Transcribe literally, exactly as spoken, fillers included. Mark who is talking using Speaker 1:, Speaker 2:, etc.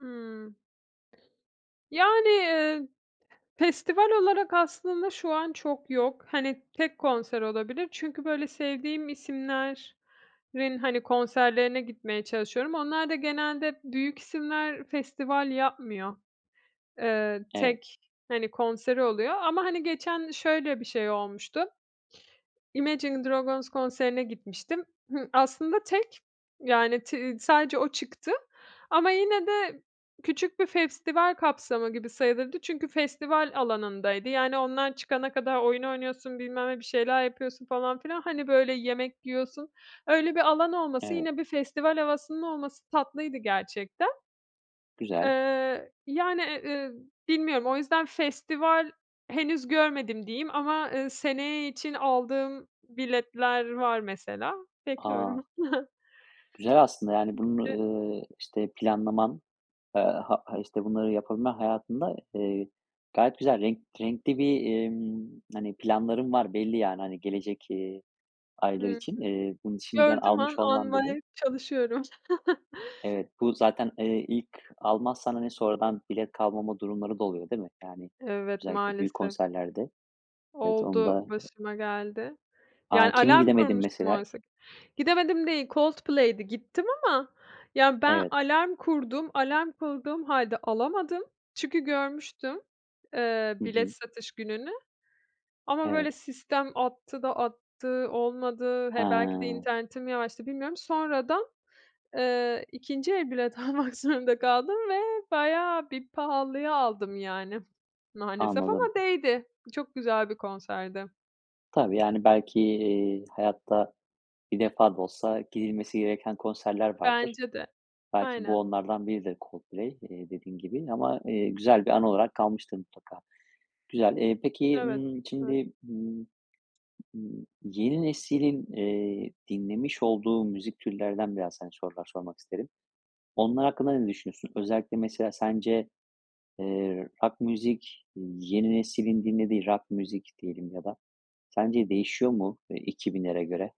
Speaker 1: Hımm. Yani, ııı, festival olarak aslında, şu an çok yok. Hani, tek konser olabilir. Çünkü, böyle, sevdiğim isimlerin, hani, konserlerine gitmeye çalışıyorum. Onlar da, genelde büyük isimler, festival yapmıyor. Eee,
Speaker 2: Evet.
Speaker 1: tek, hani, konseri oluyor, ama, hani, geçen şöyle bir şey olmuştu. Imagine Dragons konserine gitmiştim. Hı, aslında tek, yani, ti iii, sadece o çıktı, ama yine de, küçük bir festival kapsamı gibi sayılırdı. Çünkü, festival alanındaydı. Yani, onlar çıkana kadar, oyun oynuyorsun bilmem ne, bir şeyler yapıyorsun falan filan, hani, böyle, yemek yiyorsun, öyle bir alanı olması,
Speaker 2: Evet.
Speaker 1: yine bir festival havasının olması, tatlıydı gerçekten.
Speaker 2: Güzel.
Speaker 1: Eee, yani, eee, ııı, bilmiyorum, o yüzden festival henüz görmedim diyeyim, ama, ııı, seneye için aldığım biletler var mesela.
Speaker 2: A!
Speaker 1: Bekliyorum.
Speaker 2: Güzel, aslında, yani
Speaker 1: Bir
Speaker 2: bunu,
Speaker 1: de
Speaker 2: ııı, işte planlaman, eee, ha ha işte bunları yapabilmen hayatında, eee, gayet güzel renk renkli bir, ımm, hani, planların var belli yani, hani, gelecek, iii,
Speaker 1: Hı
Speaker 2: aylar
Speaker 1: hı.
Speaker 2: için. İii, bunu şimdiden
Speaker 1: Gördüğüm an,
Speaker 2: almış olman bile
Speaker 1: almaya çalışıyorum.
Speaker 2: Evet, bu zaten, eee, ilk almazsan, hani, sonradan bilet kalmama durumları da oluyor, değil mi? Yani,
Speaker 1: Evet
Speaker 2: özellikle büyük
Speaker 1: maalesef.
Speaker 2: konserlerde, evet, onu
Speaker 1: Oldu,
Speaker 2: da
Speaker 1: başıma geldi. Yani,
Speaker 2: A, kimin
Speaker 1: alarm
Speaker 2: gidemedin
Speaker 1: kurmuştum
Speaker 2: mesela?
Speaker 1: oysa ki Gidemedim değil. Coldplay'di, gittim ama, ya ben
Speaker 2: Evet.
Speaker 1: alarm kurdum, alarm kurduğum halde alamadım. Çünkü, görmüştüm, eee,
Speaker 2: Hı
Speaker 1: bilet
Speaker 2: hı.
Speaker 1: satış gününü. Ama,
Speaker 2: Evet.
Speaker 1: böyle, sistem attı da attı, olmadı, he, belki de,
Speaker 2: He.
Speaker 1: internetim yavaştı, bilmiyorum, sonradan, eee, ikinci el bilet almak zorunda kaldım ve bayağı bir pahalıya aldım yani. Maalesef, ama
Speaker 2: Anladım.
Speaker 1: değdi. Çok güzel bir konserdi.
Speaker 2: Tabii, yani, belki, iii, hayatta bir defa da olsa, gidilmesi gereken konserler vardır.
Speaker 1: Bence de.
Speaker 2: Belki, bu
Speaker 1: Aynen.
Speaker 2: onlardan biridir. Coldplay, iii, dediğin gibi, ama, eee, güzel bir anı olarak kalmıştır mutlaka. Güzel. Eee, peki,
Speaker 1: Evet.
Speaker 2: ımm,
Speaker 1: Evet.
Speaker 2: şimdi, ımm, ımm, yeni neslin, eee, dinlemiş olduğu müzik türlerinden, biraz, hani, sorular sormak isterim. Onlar hakkında ne düşünüyorsun? Özellikle, mesela, sence, eee, rock müzik yeni nesilin dinlediği, rock müzik diyelim ya da, sence değişiyor mu, ııı, iki binlere göre?